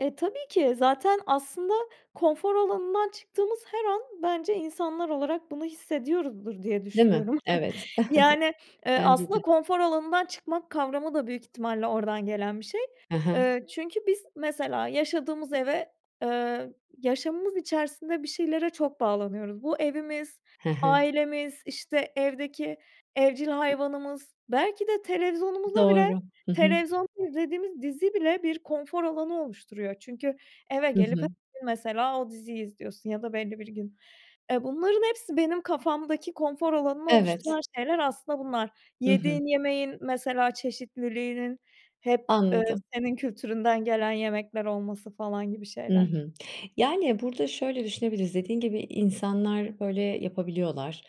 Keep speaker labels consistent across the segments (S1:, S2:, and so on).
S1: E, tabii ki zaten aslında konfor alanından çıktığımız her an bence insanlar olarak bunu hissediyoruzdur diye
S2: Değil mi?
S1: düşünüyorum.
S2: Evet.
S1: Yani, eee,
S2: Bence
S1: aslında
S2: de.
S1: konfor alanından çıkmak kavramı da büyük ihtimalle oradan gelen bir şey.
S2: He he.
S1: Eee, çünkü biz mesela yaşadığımız eve eee, yaşamımız içerisinde bir şeylere çok bağlanıyoruz. Bu evimiz,
S2: He he.
S1: ailemiz, işte, evdeki evcil hayvanımız, belki de televizyonumuza bile
S2: Doğru. Hı hı.
S1: televizyonda izlediğimiz dizi bile bir konfor alanı oluşturuyor çünkü eve
S2: Hı
S1: gelip h
S2: hı.
S1: gün mesela o diziyi izliyorsun ya da belli bir gün. Eee, bunların hepsi benim kafamdaki konfor alanını oluşturan
S2: Evet.
S1: şeyler aslında bunlar.
S2: Hı hı.
S1: Yediğin yemeğin mesela çeşitliliğinin hep, ııı,
S2: Anladım.
S1: senin kültüründen gelen yemekler olması falan gibi
S2: Hı
S1: şeyler.
S2: hı. Yani, burada şöyle düşünebiliriz: Dediğin gibi, insanlar böyle yapabiliyorlar.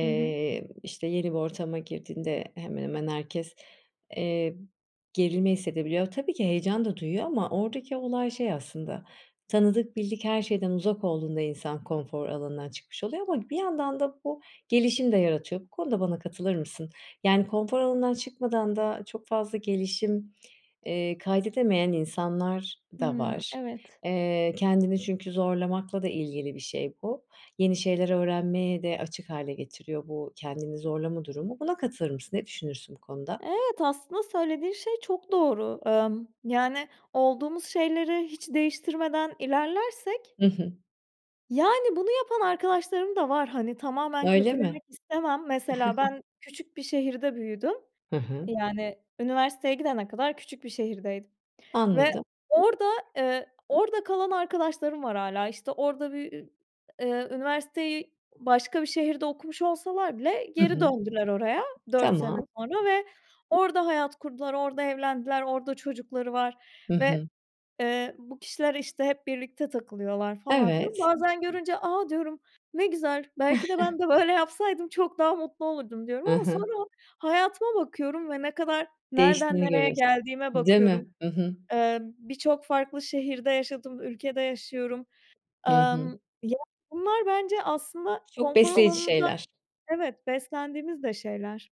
S1: Hı hı.
S2: işte, yeni bir ortama girdiğinde hemen hemen herkes, eee, gerilme hissedebiliyor. Tabii ki heyecan da duyuyor ama oradaki olay şey aslında, tanıdık bildik her şeyden uzak olduğunda insan konfor alanından çıkmış oluyor ama bir yandan da bu gelişim de yaratıyor. Bu konuda bana katılır mısın? Yani konfor alanından çıkmadan da çok fazla gelişim, eee, kaydedemeyen insanlar da
S1: Hımm,
S2: var.
S1: evet.
S2: Eee, kendini çünkü zorlamakla da ilgili bir şey bu. Yeni şeyler öğrenmeye de açık hâle getiriyor bu kendini zorlama durumu. Buna katılır mısın? Ne düşünürsün bu konuda?
S1: Evet, aslında söylediğin şey çok doğru. Imm, yani, olduğumuz şeyleri hiç değiştirmeden ilerlersek
S2: I hı.
S1: Yani, bunu yapan arkadaşlarım da var, hani, tamamen
S2: Öyle mi?
S1: kötülemek istemem. Mesela ben küçük bir şehirde büyüdüm
S2: Hı hı.
S1: yani üniversiteye gidene kadar küçük bir şehirdeydim. Ve
S2: Anladım.
S1: orada eee, orada kalan arkadaşlarım var hâlâ, işte, orada bir ü eee, üniversiteyi başka bir şehirde okumuş olsalar bile
S2: Hı
S1: geri
S2: hı.
S1: döndüler oraya 4 sene
S2: Tamam.
S1: sonra ve orada hayat kurdular, orada evlendiler, orada çocukları var
S2: Hı
S1: ve,
S2: hı.
S1: eee, bu kişiler, işte, hep birlikte takılıyorlar falan filan.
S2: Evet.
S1: Bazen görünce, "A!", diyorum, "Ne güzel. Belki de ben de böyle yapsaydım çok daha mutlu olurdum." diyorum
S2: I
S1: ama
S2: hı.
S1: sonra hayatıma bakıyorum ve ne kadar nereden
S2: Değiştiğini
S1: nereye
S2: görüyorsun.
S1: geldiğime
S2: Değil
S1: bakıyorum,
S2: mi? I hı.
S1: Eee, birçok farklı şehirde yaşadım, ülkede yaşıyorum.
S2: Hı hı.
S1: Amm, ya, bunlar bence aslında
S2: Çok
S1: konfor
S2: besleyici
S1: alanında
S2: şeyler.
S1: Evet, beslendiğimiz de şeyler.